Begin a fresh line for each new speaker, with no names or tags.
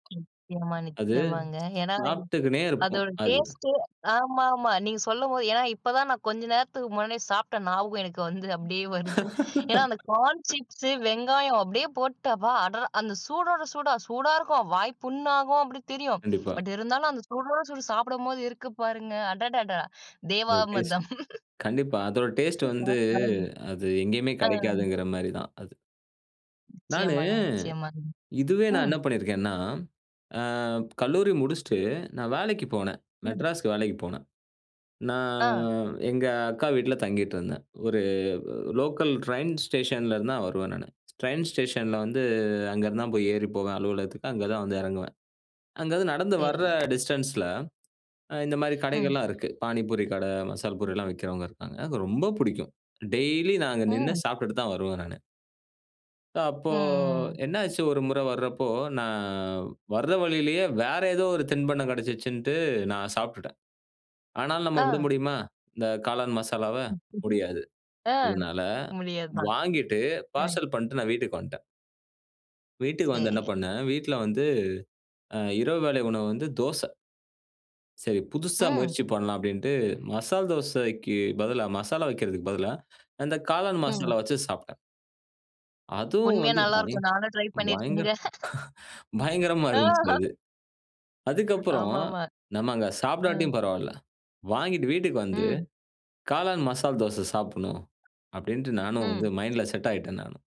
நிச்சயமா,
அது
நிச்சயமாங்க. ஏன்னா அது
சாப்பிட்டுக்குனே இருப்போம்.
அதோட
அதுதான்.
டேஸ்ட்டு ஆமாமா நீங்க சொல்லும்போது ஏன்னா இப்பதான் நா கொஞ்ச நேரத்துக்கு முன்னாடியே சாப்பிட்ட ஞாபகம் எனக்கு வந்து அப்படியே வருது. ஏன்னா அந்த கார்ன் சிப்ஸு, வெங்காயம் அப்படியே போட்டு அப்பா! அடறா அந்த சூடோட சூடா. "சூடா இருக்கும், வாய் புண்ணாகும்." அப்படீன்னு தெரியும்.
கண்டிப்பா.
பட் இருந்தாலும் அந்த சூடோட சூடு சாப்பிடும்போது இருக்கு பாருங்க! அடடடா!
அதோட டேஸ்ட்.
தேவாமிர்தம்.
கண்டிப்பா அதோட டேஸ்ட்டு வந்து, அது
[unintelligible]
எங்கயுமே
ஆ.
கெடைக்காதுங்கிற மாரி தான் அது. நானு,
நிச்சயமாங்க, நிச்சயமா.
இதுவே நா
ம்.
என்ன பண்ணியிருக்கேன்னா, அ கல்லூரி முடிச்சுட்டு நா வேலைக்கு போனேன்.
ம்.
மெட்ராஸ்க்கு வேலைக்கு போனேன். நா
ஆ.
எங்க அக்கா வீட்ல தங்கிட்டுருந்தேன். ஒரு லோக்கல் ட்ரெயின் ஸ்டேஷன்லருந்துதான் வருவேன் நானு. ட்ரெயின் ஸ்டேஷன்ல வந்து அங்கேருந்துதான் போய் ஏறி போவேன் அலுவலகத்துக்கு. அங்க தான் வந்து இறங்குவேன். அங்க வந்து நடந்து வர்ற
சரிங்க.
டிஸ்டன்ஸ்ல அ இந்த மாரி
ம்.
கடைகள்லாம் இருக்கு. பாணிபூரி கடை, மசால் பூரிலாம் விக்கிறவங்க இருக்காங்க.அது ரொம்ப புடிக்கும். டெய்லி நா அங்க நின்னு
ம்.
சாப்பிட்டுட்டு தான் வருவேன் நானு. அப்போ
ம். ம். ம்.
என்னாச்சு ஒருமுறை வரப்போ, நா வர வழியிலேயே வேற ஏதோ ஒரு தின்பண்டம் கெடைச்சிருச்சுன்னுட்டு நா சாப்பிட்டுட்டேன். ஆனாலும் நம்ம விட
ஆ.
முடியுமா, இந்த காளான் மசாலாவ? முடியாது. அதனால
அ முடியாதுதான்.
வாங்கிட்டு
ம்.
பார்சல் பண்ட்டு நா வீட்டுக்கு வன்ட்டேன். வீட்டுக்கு வந்து என்ன
சரிங்க.
பண்னேன், வீட்ல வந்து அ இரவு வேளை உணவு வந்து தோசை. "சரி, புதுசா
ம்.
முயற்சி பண்ணலாம்." அப்படீன்னுட்டு, மசால் தோசைக்கு பதிலா, மசாலா வைக்கிறதுக்கு பதிலா அந்த காளான்
ம்.
மசாலா வச்சு சாப்ட்டேன். அதுவும்
உண்மையா
வந்து பயங்
நல்லாருக்கும். நானும் ட்ரை
பயங்கர
பண்ணிருக்கேங்க.
பயங்கரமா இருந்துச்சு
ஆஹா.
அது. அதுக்கப்புறம்,
ஆமாமா.
"நம்ம அங்க
அ.
சாப்டாட்டியும் பரவால்ல. வாங்கிட்டு வீட்டுக்கு வந்து
ம்.
காளான் மசால் தோசை சாப்புடணும்." அப்படீன்ட்டு நானும் வந்து
ம்.
மைண்ட்ல செட் ஆயிட்டேன் நானு.